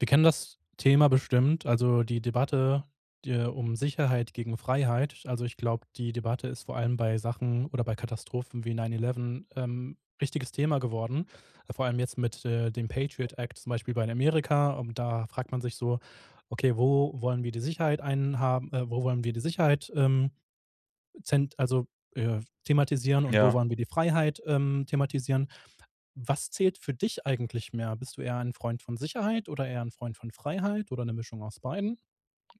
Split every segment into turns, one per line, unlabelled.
Wir kennen das Thema bestimmt, also die Debatte de um Sicherheit gegen Freiheit. Also ich glaube, die Debatte ist vor allem bei Sachen oder bei Katastrophen wie 9/11, ähm, wichtiges Thema geworden. Vor allem jetzt mit, äh, dem Patriot-Act zum Beispiel bei in Amerika. Und da fragt man sich so: Okay, wo wollen wir die Sicherheit einhaben äh, wo wollen wir die Sicherheit, ähm, zent also, äh, thematisieren und wo
Ja.
wollen wir die Freiheit, ähm, thematisieren? Was zählt für dich eigentlich mehr? Bist du eher ein Freund von Sicherheit oder eher ein Freund von Freiheit oder 'ne Mischung aus beidem?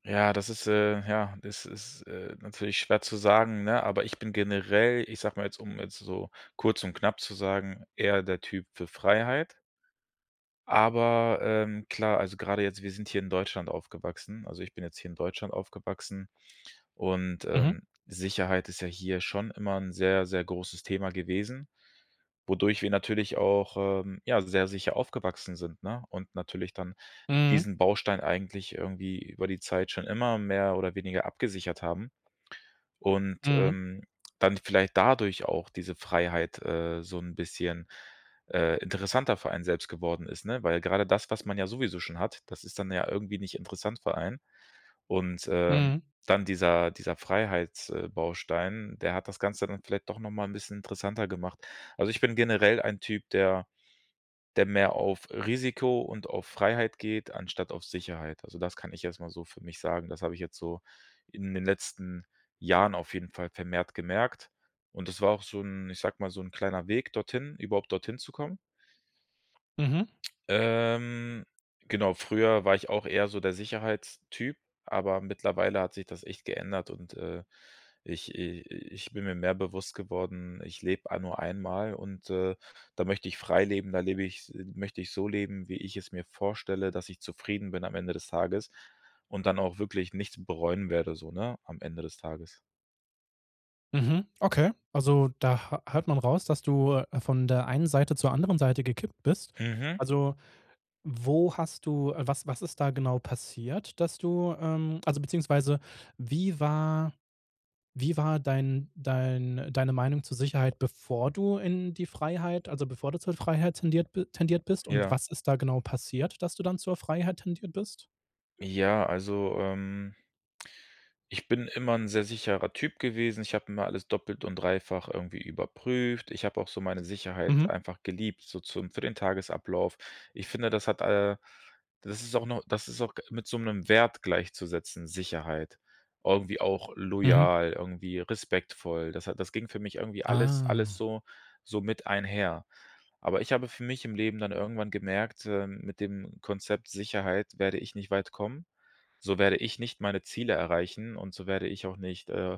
Ja, das ist, äh ja, das ist, äh, natürlich schwer zu sagen, ne, aber ich bin generell ich sage mal jetzt, um jetzt so kurz und knapp zu sagen, eher der Typ für Freiheit. Aber, ähm, klar, also gerade jetzt. Wir sind hier in Deutschland aufgewachsen also ich bin jetzt hier in Deutschland aufgewachsen und,
Mhm.
ähm, Sicherheit ist ja hier schon immer 'n sehr sehr großes Thema gewesen, wodurch wir natürlich auch, ähm, ja, sehr sicher aufgewachsen sind, ne, und natürlich dann
Mhm.
diesen Baustein eigentlich irgendwie über die Zeit schon immer mehr oder weniger abgesichert haben. Und,
Mhm.
ähm, dann vielleicht dadurch auch diese Freiheit, äh, so 'n bisschen, äh, interessanter für einen selbst geworden ist, ne? Weil gerade das, was man ja sowieso schon hat, das ist dann ja irgendwie nicht interessant für einen. Und, ähm,
Mhm.
dann dieser dieser Freiheits äh, Baustein, der hat das Ganze dann vielleicht doch noch mal 'n bisschen interessanter gemacht. Also ich bin generell ein Typ, der der mehr auf Risiko und auf Freiheit geht, anstatt auf Sicherheit. Also das kann ich erst mal so für mich sagen. Das habe ich jetzt so in den letzten Jahren auf jeden Fall vermehrt gemerkt. Und das war auch so 'n ich sage mal, so 'n kleiner Weg dorthin, überhaupt dorthin zu kommen.
Mhm.
Ähm, genau, früher war ich auch eher so der Sicherheitstyp, aber mittlerweile hat sich das echt geändert und, äh, ich i i ich bin mir mehr bewusst geworden, ich lebe ei nur einmal und, äh, da möchte ich frei leben, da lebe ich's möchte ich so leben, wie ich es mir vorstelle, dass ich zufrieden bin am Ende des Tages und dann auch wirklich nichts bereuen werde, so, ne, am Ende des Tages.
Mhm. Okay. Also, da hö hört man raus, dass du, äh, von der einen Seite zur anderen Seite gekippt bist.
Mhm.
Also, wo hast du äh, was was ist da genau passiert, dass du ähm, also beziehungsweise wie war wie war dein dein deine Meinung zur Sicherheit, bevor du in die Freiheit also bevor du zur Freiheit tendiert bi tendiert bist, und
Ja.
was ist da genau passiert, dass du dann zur Freiheit tendiert bist?
Ja, also, ähm ich bin immer 'n sehr sicherer Typ gewesen. Ich habe mir alles doppelt und dreifach irgendwie überprüft. Ich habe auch so meine
Mhm.
Sicherheit einfach geliebt, so zum für den Tagesablauf. Ich finde, das hat äh, das ist auch noch das ist auch mit so 'nem Wert gleichzusetzen, Sicherheit. Irgendwie auch
Mhm.
loyal, irgendwie respektvoll. Das hat das ging für mich irgendwie alles alles
Ah.
so so mit einher. Aber ich habe für mich im Leben dann irgendwann gemerkt, äh, mit dem Konzept Sicherheit werde ich nicht weit kommen. So werde ich nicht meine Ziele erreichen und so werde ich auch nicht, äh,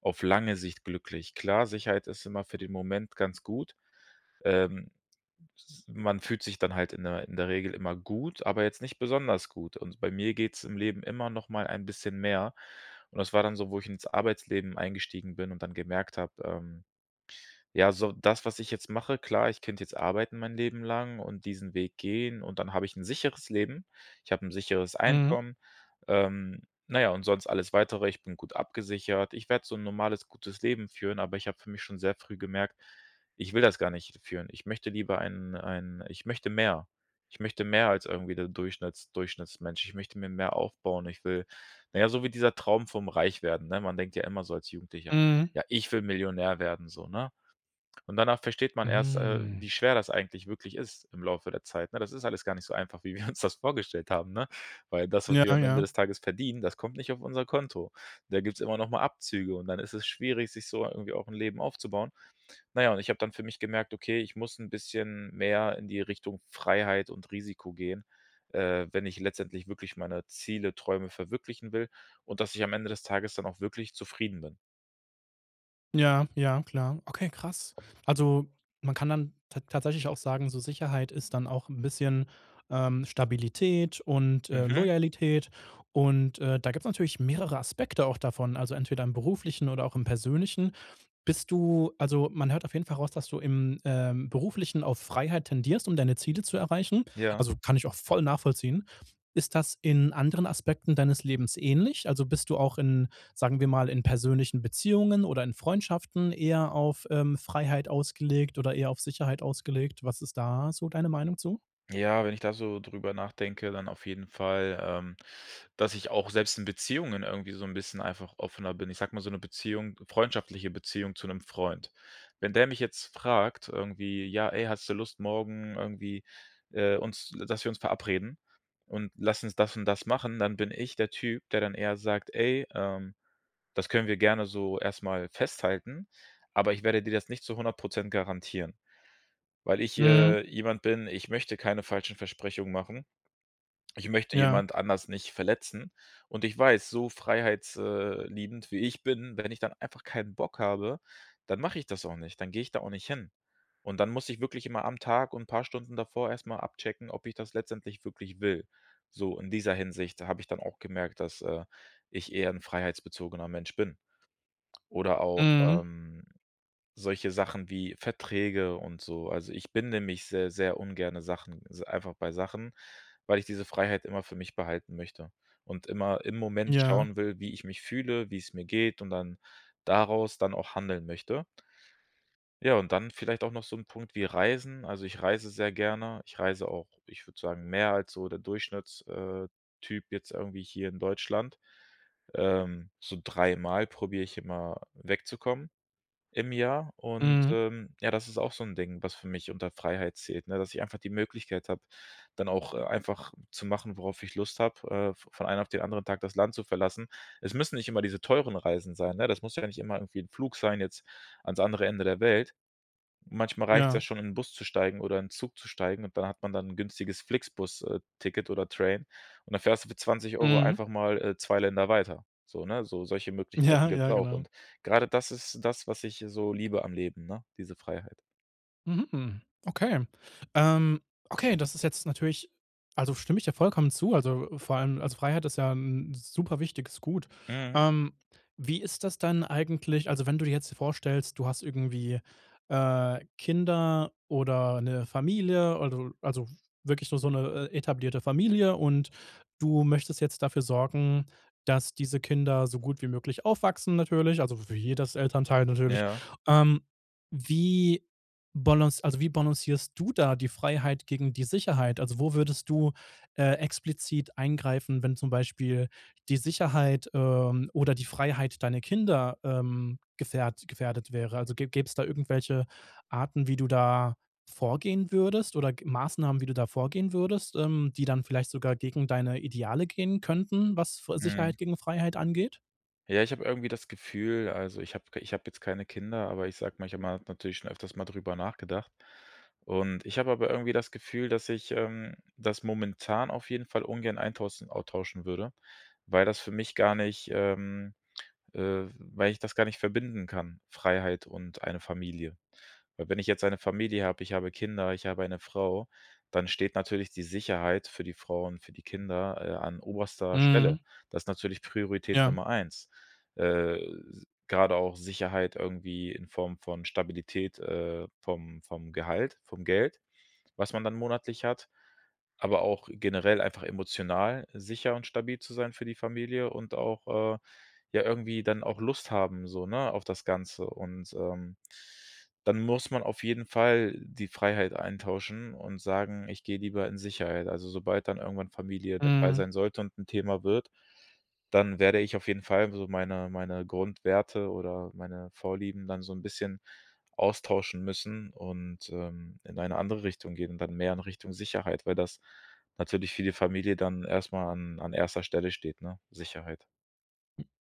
auf lange Sicht glücklich. Klar, Sicherheit ist immer für den Moment ganz gut. Ähm, s man fühlt sich dann halt in der in der Regel immer gut, aber jetzt nicht besonders gut. Und bei mir geht's im Leben immer noch mal ein bisschen mehr. Und das war dann so, wo ich ins Arbeitsleben eingestiegen bin und dann gemerkt habe, ähm, ja, so, das, was ich jetzt mache klar, ich könnte jetzt arbeiten mein Leben lang und diesen Weg gehen und dann habe ich 'n sicheres Leben. Ich habe 'n sicheres
Mhm.
Einkommen, ähm, na ja, und sonst alles Weitere, ich bin gut abgesichert. Ich werde so 'n normales gutes Leben führen, aber ich habe für mich schon sehr früh gemerkt, ich will das gar nicht führen. Ich möchte lieber einen einen ich möchte mehr. Ich möchte mehr als irgendwie der Durchschnitts Durchschnittsmensch. Ich möchte mir mehr aufbauen, ich will na ja, so wie dieser Traum vom Reichwerden, ne? Man denkt ja immer so als Jugendlicher,
Mhm.
ja, ich will Millionär werden so, ne? Und danach versteht man erst, äh,
Hm.
wie schwer das eigentlich wirklich ist im Laufe der Zeit, ne? Das ist alles gar nicht so einfach, wie wir uns das vorgestellt haben, ne? Weil das, was
Ja,
wir am Ende
ja.
des Tages verdienen, das kommt nicht auf unser Konto. Da gibt's immer noch mal Abzüge und dann ist es schwierig, sich so irgendwie auch 'n Leben aufzubauen. Na ja, und ich habe dann für mich gemerkt, okay, ich muss 'n bisschen mehr in die Richtung Freiheit und Risiko gehen, äh, wenn ich letztendlich wirklich meine Ziele Träume verwirklichen will und dass ich am Ende des Tages dann auch wirklich zufrieden bin.
Ja, ja, klar. Okay, krass. Also, man kann dann tat tatsächlich auch sagen, so Sicherheit ist dann auch 'n bisschen, ähm, Stabilität und, äh,
Mhm.
Loyalität und, äh, da gibt's natürlich mehrere Aspekte auch davon, also entweder im Beruflichen oder auch im Persönlichen. Bist du also man hört auf jeden Fall raus, dass du im, ähm, Beruflichen auf Freiheit tendierst, um deine Ziele zu erreichen.
Ja.
Also kann ich auch voll nachvollziehen. Ist das in anderen Aspekten deines Lebens ähnlich? Also bist du auch in, sagen wir mal, in persönlichen Beziehungen oder in Freundschaften eher auf, ähm, Freiheit ausgelegt oder eher auf Sicherheit ausgelegt? Was ist da so deine Meinung zu?
Ja, wenn ich da so drüber nachdenke, dann auf jeden Fall, ähm, dass ich auch selbst in Beziehungen irgendwie so 'n bisschen einfach offener bin. Ich sage mal, so 'ne Beziehung freundschaftliche Beziehung zu 'nem Freund. Wenn der mich jetzt fragt, irgendwie: „Ja, ey, hast du Lust morgen irgendwie, äh, uns, l dass wir uns verabreden und lass uns das und das machen,“ dann bin ich der Typ, der dann eher sagt: „Ey, ähm, das können wir gerne so erst mal festhalten, aber ich werde dir das nicht zu 100 % garantieren.“ Weil ich,
Mhm.
äh, jemand bin, ich möchte keine falschen Versprechungen machen. Ich möchte
Ja.
jemand anders nicht verletzen und ich weiß, so freiheits äh, liebend wie ich bin, wenn ich dann einfach keinen Bock habe, dann mache ich das auch nicht. Dann gehe ich da auch nicht hin. Und dann muss ich wirklich immer am Tag und 'n paar Stunden davor erst mal abchecken, ob ich das letztendlich wirklich will. So, in dieser Hinsicht, da habe ich dann auch gemerkt, dass, äh, ich eher 'n freiheitsbezogener Mensch bin. Oder auch,
Mhm.
ähm, solche Sachen wie Verträge und so. Also ich binde mich seh sehr ungerne Sachen also einfach bei Sachen, weil ich diese Freiheit immer für mich behalten möchte und immer im Moment
Ja.
schauen will, wie ich mich fühle, wie's mir geht, und dann daraus dann auch handeln möchte. Ja, und dann vielleicht auch noch so 'n Punkt wie Reisen. Also ich reise sehr gerne. Ich reise auch ich würde sagen, mehr als so der Durchschnitts äh, Typ jetzt irgendwie hier in Deutschland. Ähm, so dreimal probiere ich immer, wegzukommen im Jahr. Und,
Mhm.
ähm, ja, das ist auch so 'n Ding, was für mich unter Freiheit zählt, ne, dass ich einfach die Möglichkeit habe, dann auch, äh, einfach zu machen, worauf ich Lust habe, äh, v von einen auf den anderen Tag das Land zu verlassen. Es müssen nicht immer diese teuren Reisen sein, ne? Das muss ja dann nicht immer irgendwie 'n Flugschein jetzt ans andere Ende der Welt. Manchmal reicht's ja
Ja.
schon, in 'n Bus zu steigen oder in 'n Zug zu steigen, und da hat man dann 'n günstiges Flixbus äh, Ticket oder Train. Und da fährst du für 20 €
Mhm.
einfach mal, äh, 2 Länder weiter. So, ne. So, solche
Ja,
Möglichkeiten gibt's
ja,
auch.
genau.
Und gerade das ist das, was ich so liebe am Leben, ne, diese Freiheit.
Mhm, mhm. Okay. Ähm, okay, das ist jetzt natürlich also stimme ich dir vollkommen zu. Also, äh, vor allem also Freiheit ist ja 'n 'n super wichtiges Gut.
Mhm.
Ähm, wie ist das dann eigentlich also wenn du dir jetzt vorstellst, du hast irgendwie, äh, Kinder oder 'ne Familie, also also wirklich so so 'ne, äh, etablierte Familie und du möchtest jetzt dafür sorgen, dass diese Kinder so gut wie möglich aufwachsen, natürlich, also w wie jedes Elternteil natürlich.
Ja.
Ähm, wie balanc also wie balancierst du da die Freiheit gegen die Sicherheit? Also wo würdest du, äh, explizit eingreifen, wenn zum Beispiel die Sicherheit, ähm, oder die Freiheit deiner Kinder, ähm, gefährt gefährdet wäre? Also gä gäbe es da irgendwelche Arten, wie du da vorgehen würdest oder, g Maßnahmen, wie du da vorgehen würdest, ähm, die dann vielleicht sogar gegen deine Ideale gehen könnten, was f
Mhm.
Sicherheit gegen Freiheit angeht?
Ja, ich habe irgendwie das Gefühl, also ich habe ich habe jetzt keine Kinder, aber ich sage mich immer habe mal natürlich schon öfters mal drüber nachgedacht. Und ich habe aber irgendwie das Gefühl, dass ich ähm, das momentan auf jeden Fall ungern eintaussen austauschen würde, weil das für mich gar nicht ähm, äh, weil ich das gar nicht verbinden kann, Freiheit und eine Familie. Weil wenn ich jetzt eine Familie habe, ich habe Kinder, ich habe eine Frau, dann steht natürlich die Sicherheit für die Frau und für die Kinder, äh, an oberster Stelle.
Mhm.
Das ist natürlich Priorität
Ja.
Nummer 1. Äh, s grade auch Sicherheit irgendwie in Form von Stabilität, äh, vom vom Gehalt, vom Geld, was man dann monatlich hat, aber auch generell einfach emotional sicher und stabil zu sein für die Familie und auch, äh, ja, irgendwie dann auch Lust haben so, ne, auf das Ganze. Und, ähm, dann muss man auf jeden Fall die Freiheit eintauschen und sagen: „Ich gehe lieber in Sicherheit.“ Also sobald dann irgendwann Familie dabei sein
Mhm.
sollte und 'n Thema wird, dann werde ich auf jeden Fall so meine meine Grundwerte oder meine Vorlieben dann so 'n bisschen austauschen müssen und, ähm, in eine andere Richtung gehen und dann mehr in Richtung Sicherheit, weil das natürlich für die Familie dann erst mal an an 1. Stelle steht, ne, Sicherheit.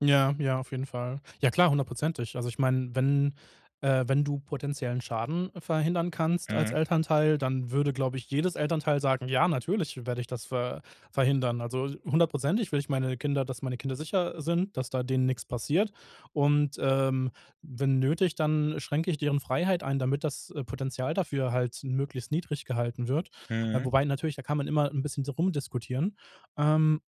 Ja, ja, auf jeden Fall. Ja klar, 100 %. Also ich meine wenn, äh, wenn du potenziellen Schaden verhindern kannst als
Mhm.
Elternteil, dann würde, glaube ich, jedes Elternteil sagen: „Ja, natürlich werde ich das ver-verhindern.“ Also 100 % würde ich meine Kinder dass meine Kinder sicher, äh, sind, dass da denen nix passiert. Und, ähm, wenn nötig, dann schränke ich deren Freiheit ein, damit das, äh, Potenzial dafür halt möglichst niedrig gehalten wird. Äh,
Mhm.
wobei natürlich, da kann man immer 'n bisschen so rumdiskutieren. Ähm,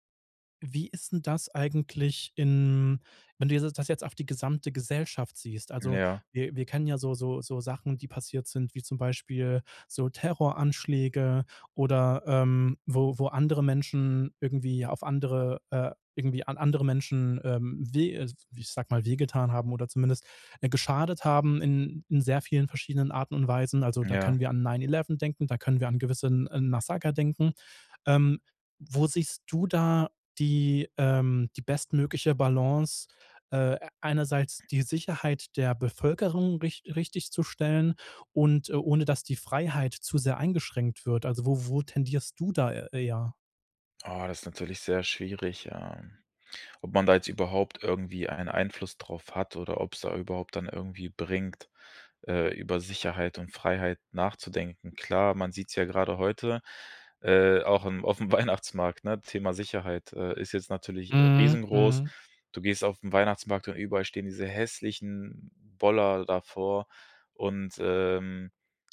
wie ist denn das eigentlich in wenn du das jetzt auf die gesamte Gesellschaft siehst?
Hm,
Also,
ja.
wir wir kennen ja so so so Sachen, die passiert sind, wie zum Beispiel so Terroranschläge oder, ähm, wo wo andere Menschen irgendwie auf andere äh, irgendwie an andere Menschen, ähm, we äh, ich sage mal, wehgetan haben oder zumindest, äh, geschadet haben in in sehr vielen verschiedenen Arten und Weisen. Also da
Ja.
können wir an 9/ 11 denken, da können wir an gewissen 'n Massaker denken. Ähm, wo siehst du da die, ähm, die bestmögliche Balance, äh, einerseits die Sicherheit der Bevölkerung rich richtigzustellen und, äh, ohne dass die Freiheit zu sehr eingeschränkt wird. Also, wo wo tendierst du da e eher?
Oh, das ist natürlich sehr schwierig, ähm. Ob man da jetzt überhaupt irgendwie einen Einfluss drauf hat oder ob's da überhaupt dann irgendwie bringt, äh, über Sicherheit und Freiheit nachzudenken. Klar, man sieht's ja gerade heute, äh, auch im aufm Weihnachtsmarkt, ne, Thema Sicherheit, äh, ist jetzt natürlich
Mhm.
riesengroß.
Mhm.
Du gehst aufm Weihnachtsmarkt und überall stehen diese hässlichen Boller davor. Und, ähm,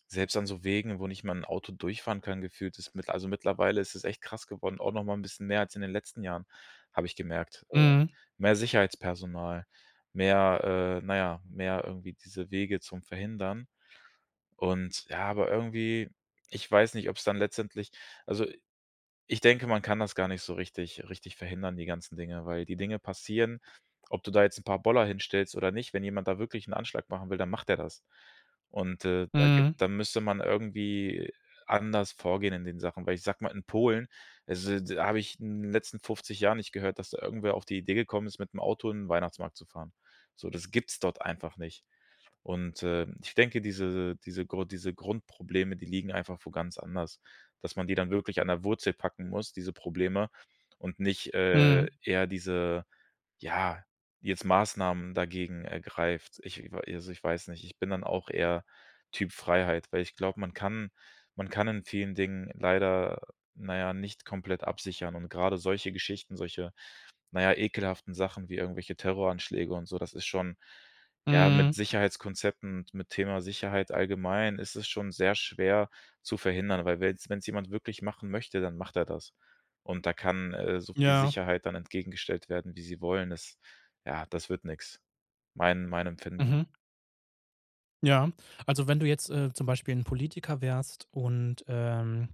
selbst an so Wegen, wo nicht mal 'n Auto durchfahren kann, gefühlt, ist mit also, mittlerweile ist es echt krass geworden, auch nochmal 'n bisschen mehr als in den letzten Jahren, habe ich gemerkt. Äh,
Mhm.
mehr Sicherheitspersonal, mehr äh, naja, mehr, irgendwie diese Wege zum Verhindern. Und ja, aber irgendwie, ich weiß nicht, ob's dann letztendlich also ich denke, man kann das gar nicht so richtig richtig verhindern, die ganzen Dinge, weil die Dinge passieren, ob du da jetzt 'n paar Boller hinstellst oder nicht. Wenn jemand da wirklich 'n Anschlag machen will, dann macht der das. Und, äh, da gibt
Mhm.
da müsste man irgendwie anders vorgehen in den Sachen, weil ich sage mal, in Polen, also da habe ich in den letzten 50 Jahren nicht gehört, dass da irgendwer auf die Idee gekommen ist, mit 'nem Auto in den Weihnachtsmarkt zu fahren. So, das gibt's dort einfach nicht. Und, äh, ich denke, diese diese Gru diese Grundprobleme, die liegen einfach wohl ganz anders, dass man die dann wirklich an der Wurzel packen muss, diese Probleme, und nicht, äh,
Mhm.
ja diese ja, jetzt Maßnahmen dagegen ergreift. Ich w also, ich weiß nicht, ich bin dann auch eher Typ Freiheit, weil ich glaube, man kann man kann in vielen Dingen leider, na ja, nicht komplett absichern. Und grade solche Geschichten, solche, na ja, ekelhaften Sachen wie irgendwelche Terroranschläge und so, das ist schon ja, mit
Mhm.
Sicherheitskonzepten und mit Thema Sicherheit allgemein ist es schon sehr schwer zu verhindern, weil wenn's wenn's jemand wirklich machen möchte, dann macht er das. Und da kann, äh, so viel
Ja.
Sicherheit dann entgegengestellt werden, wie sie wollen. Es ja, das wird nix. Mein mein empfinden.
Mhm. Ja. Also, wenn du jetzt, äh, zum Beispiel 'n Politiker wärst und ähm,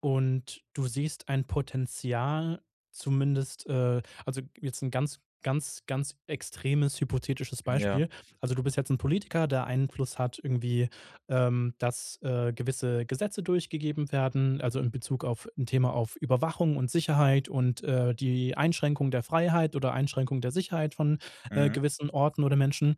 und du siehst ein Potenzial zumindest äh, also jetzt 'n ganz ganz ganz extremes hypothetisches
Ja.
Beispiel. Also du bist jetzt 'n Politiker, der Einfluss hat irgendwie, ähm, dass, äh, gewisse Gesetze durchgegeben werden, also in Bezug auf 'n Thema auf Überwachung und Sicherheit und, äh, die Einschränkung der Freiheit oder Einschränkung der Sicherheit von, äh,
Mhm.
gewissen Orten oder Menschen.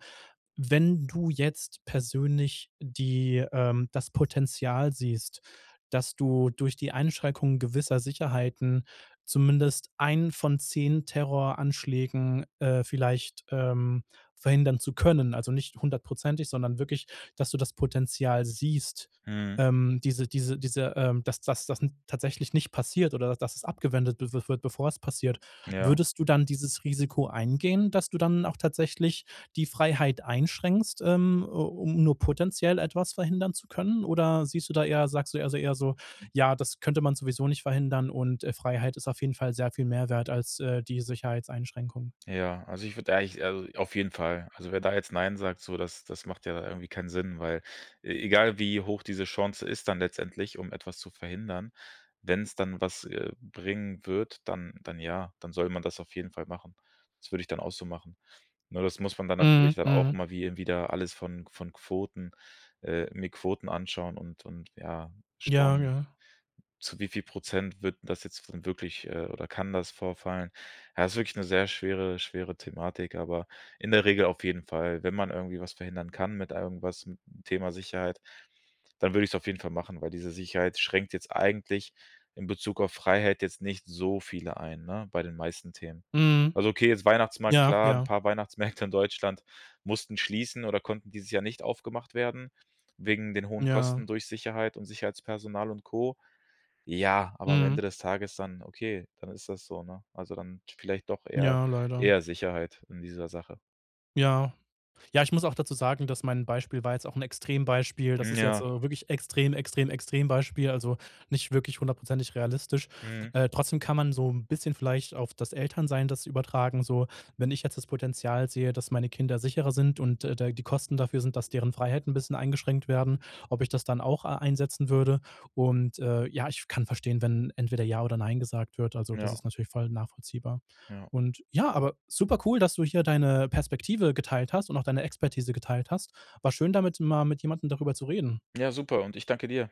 Wenn du jetzt persönlich die ähm, das Potenzial siehst, dass du durch die Einschränkung gewisser Sicherheiten zumindest einen von 10 Terroranschlägen, äh, vielleicht, ähm, verhindern zu können, also nicht hundertprozentig, sondern wirklich, dass du das Potenzial siehst,
Mhm.
ähm, diese diese diese ähm, dass das das n tatsächlich nicht passiert oder dass es abgewendet wi wi wird, bevor es passiert.
Ja.
Würdest du dann dieses Risiko eingehen, dass du dann auch tatsächlich die Freiheit einschränkst, ähm, u um nur potenziell etwas verhindern zu können? Oder siehst du da eher sagst du eher eher so, ja, das könnte man sowieso nicht verhindern und, äh, Freiheit ist auf jeden Fall sehr viel mehr wert als, äh, die Sicherheitseinschränkung?
Ja, also ich würde eigentlich also auf jeden Fall. Also wer da jetzt nein sagt, so, das das macht ja irgendwie keinen Sinn, weil e egal wie hoch diese Chance ist dann letztendlich, um etwas zu verhindern, wenn's dann was, äh, bringen wird, dann dann ja, dann soll man das auf jeden Fall machen. Das würde ich dann auch so machen. Ne, das muss man dann natürlich
Mhm.
dann auch
Mhm.
immer wie wieder alles von von Quoten äh, mir Quoten anschauen und und ja,
Ja,
schauen,
ja.
zu wie viel Prozent wird das jetzt dann wirklich äh, oder kann das vorfallen. Ja, ist wirklich 'ne sehr schwere schwere Thematik, aber in der Regel auf jeden Fall, wenn man irgendwie was verhindern kann mit irgendwas, m Thema Sicherheit, dann würde ich's auf jeden Fall machen, weil diese Sicherheit schränkt jetzt eigentlich in Bezug auf Freiheit jetzt nicht so viele ein, ne, bei den meisten Themen.
Mhm.
Also okay, jetzt Weihnachtsmarkt
Ja,
klar, 'n
ja.
paar Weihnachtsmärkte in Deutschland mussten schließen oder konnten dieses Jahr nicht aufgemacht werden wegen den hohen
Ja.
Kosten durch Sicherheit und Sicherheitspersonal und Co. Ja, aber am
Mhm.
Ende des Tages dann okay, dann ist das so, ne? Also dann vielleicht doch eher
Ja, leider.
eher Sicherheit in dieser Sache.
Ja. Ja, ich muss auch dazu sagen, dass mein Beispiel war jetzt auch 'n Extrembeispiel. Das
Mhm.
ist jetzt,
Ja.
äh, wirklich Extrem Extrem Extrembeispiel, also nicht wirklich hundertprozentig realistisch.
Mhm.
Äh, trotzdem kann man so 'n bisschen vielleicht auf das Elternsein das übertragen so. Wenn ich jetzt das Potenzial sehe, dass meine Kinder sicherer sind und, äh, da die Kosten dafür sind, dass deren Freiheit 'n bisschen eingeschränkt werden, ob ich das dann auch a einsetzen würde. Und, äh, ja, ich kann verstehen, wenn entweder ja oder nein gesagt wird. Also, das
Ja.
ist natürlich voll nachvollziehbar.
Ja.
Und ja, aber super cool, dass du hier deine Perspektive geteilt hast und auch deine Expertise geteilt hast. War schön, damit mal mit jemandem darüber zu reden.
Ja, super und ich danke dir.